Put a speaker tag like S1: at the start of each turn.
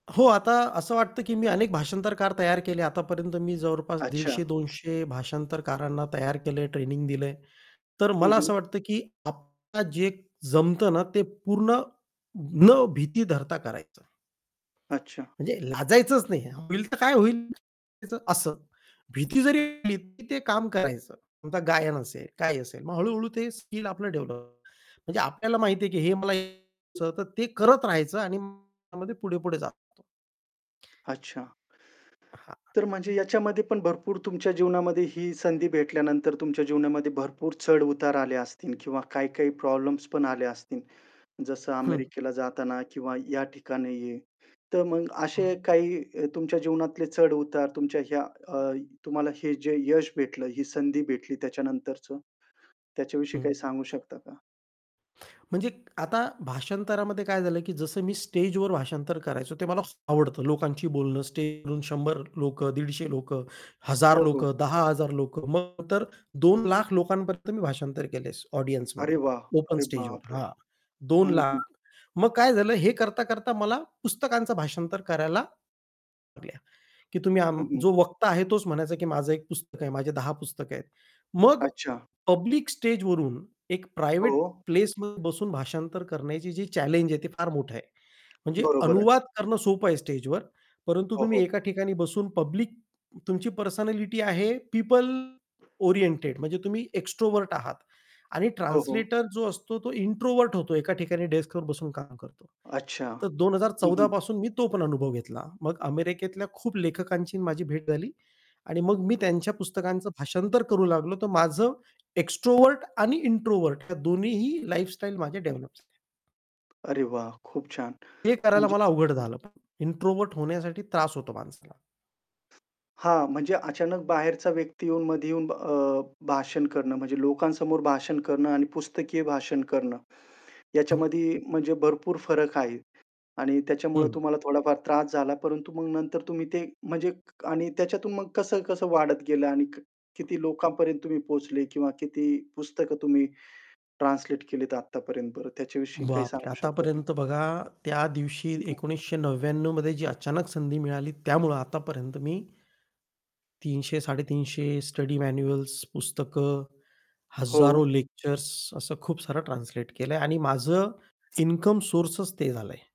S1: हो, आता असं वाटतं, की मी अनेक भाषांतरकार तयार केले. आतापर्यंत मी जवळपास
S2: अच्छा.
S1: 150-200 भाषांतरकारांना तयार केलंय ट्रेनिंग दिलंय. तर
S2: हं,
S1: मला
S2: हं.
S1: असं वाटतं, की आपल्याला जे जमतं ना ते पूर्ण न भीती धरता करायचं आहे.
S2: अच्छा.
S1: म्हणजे लाजायचंच नाही, होईल तर काय होईल? असं. भीती जरी आली तरी ते काम करायचं, आता गायन असेल, काय असेल, मग हळू-हळू ते स्किल आपलं डेव्हलप होतं. म्हणजे आपल्याला माहिती आहे की हे मला हे [unintelligible] करत राहायचं आणि मग त्यामध्ये पुढे-पुढे जातो.
S2: अच्छा.
S1: हां.
S2: तर म्हणजे ह्याच्यामध्ये पण भरपूर तुमच्या जीवनामध्ये ही संधी भेटल्यानंतर तुमच्या जीवनामध्ये भरपूर चढ-उतार आले असतील किंवा काही-काही प्रॉब्लेम्स पण आले असतील. जसं
S1: हं.
S2: अमेरिकेला जाताना किंवा या ठिकाणी आहे. तर मग
S1: हं.
S2: असे काही अ, तुमच्या जीवनातले चढ-उतार तुमच्या ह्या अ, तुम्हाला हे जे यश भेटलं, ही संधी भेटली त्याच्यानंतरच, त्याच्याविषयी काही सांगू
S1: [unintelligible]
S2: शकता का?
S1: म्हणजे आता भाषांतरामध्ये काय झालं की जसं मी स्टेजवर भाषांतर करायचो ते मला खूप आवडतं, लोकांशी बोलणं स्टेजवरून 100 लोकं, 150 लोकं,
S2: हो,
S1: 1,000
S2: हो.
S1: लोकं, 10,000 लोकं मग तर 2 लाख लोकांपर्यंत मी भाषांतर केलं आहे
S2: अरे
S1: ऑडियन्समध्ये
S2: वाह!
S1: ओपन
S2: अरे
S1: स्टेजवर.
S2: बापरे!
S1: हां, दोन
S2: हं,
S1: लाख.
S2: हं.
S1: मग काय झालं, हे करता-करता मला पुस्तकांचं भाषांतर करायला [unintelligible] की तुम्ही आम
S2: हं, हं.
S1: जो वक्ता आहे तोच म्हणायचा की माझं एक पुस्तक आहे, माझे 10 पुस्तकं आहेत. मग
S2: अच्छा.
S1: पब्लिक स्टेजवरून एक प्रायव्हेट
S2: हो.
S1: प्लेसमध्ये बसून भाषांतर करण्याची जी चॅलेंज आहे, ते फार मोठं आहे. म्हणजे
S2: बरोबर आहे.
S1: अनुवाद करणं सोपं आहे स्टेजवर, परंतु
S2: हो, हो.
S1: तुम्ही एका ठिकाणी बसून पब्लिक तुमची पर्सनॅलिटी आहे पिपल ओरिएंटेड म्हणजे तुम्ही एक्स्ट्रोव्हर्ट आहात आणि
S2: हो, हो.
S1: ट्रान्सलेटर जो असतो तो इंट्रोव्हर्ट होतो एका ठिकाणी डेस्कवर बसून काम करतो.
S2: अच्छा.
S1: तर दोन हजार
S2: हं,
S1: चौदा
S2: हं.
S1: पासून मी तो पण अनुभव घेतला. मग अमेरिकेतल्या खूप लेखकांची अन् माझी भेट झाली आणि मग मी त्यांच्या पुस्तकांचं भाषांतर करू लागलो तर माझं एक्स्ट्रोव्हर्ट आणि इंट्रोव्हर्ट या दोन्हीही लाईफस्टाईल माझे डेव्हलप झाले.
S2: अरे वाह! खूप छान
S1: ते करायला
S2: म्हणजे
S1: मला अवघड झालं पण इंट्रोव्हर्ट होण्यासाठी त्रास होतो माणसाला.
S2: हां, म्हणजे अचानक बाहेरचा व्यक्ती येऊन मध्ये येऊन अ, भाषण करणं म्हणजे लोकांसमोर भाषण करणं आणि पुस्तकीय भाषण करणं
S1: हं.
S2: याच्यामध्ये म्हणजे भरपूर फरक आहे आणि त्याच्यामुळे
S1: हं.
S2: तुम्हाला थोडाफार त्रास झाला. परंतु मग नंतर तुम्ही ते म्हणजे क आणि त्याच्यातून मग कसं-कसं वाढत गेलं? आणि क किती लोकांपर्यंत तुम्ही पोहोचले किंवा किती पुस्तकं तुम्ही ट्रान्सलेट केलीत आतापर्यंत बरं त्याच्याविषयी काही
S1: बापरे!
S2: सांगू शकता का?
S1: आतापर्यंत बघा त्या दिवशी
S2: हं, हं.
S1: 1999 मध्ये जी अचानक संधी मिळाली त्यामुळं आतापर्यंत मी, 300-350 स्टडी मॅन्युअल्स, पुस्तकं, हजारो
S2: हो.
S1: लेक्चर्स असं खूप सारं ट्रान्सलेट केलंय आणि माझं इन्कम सोर्सच ते झालंय.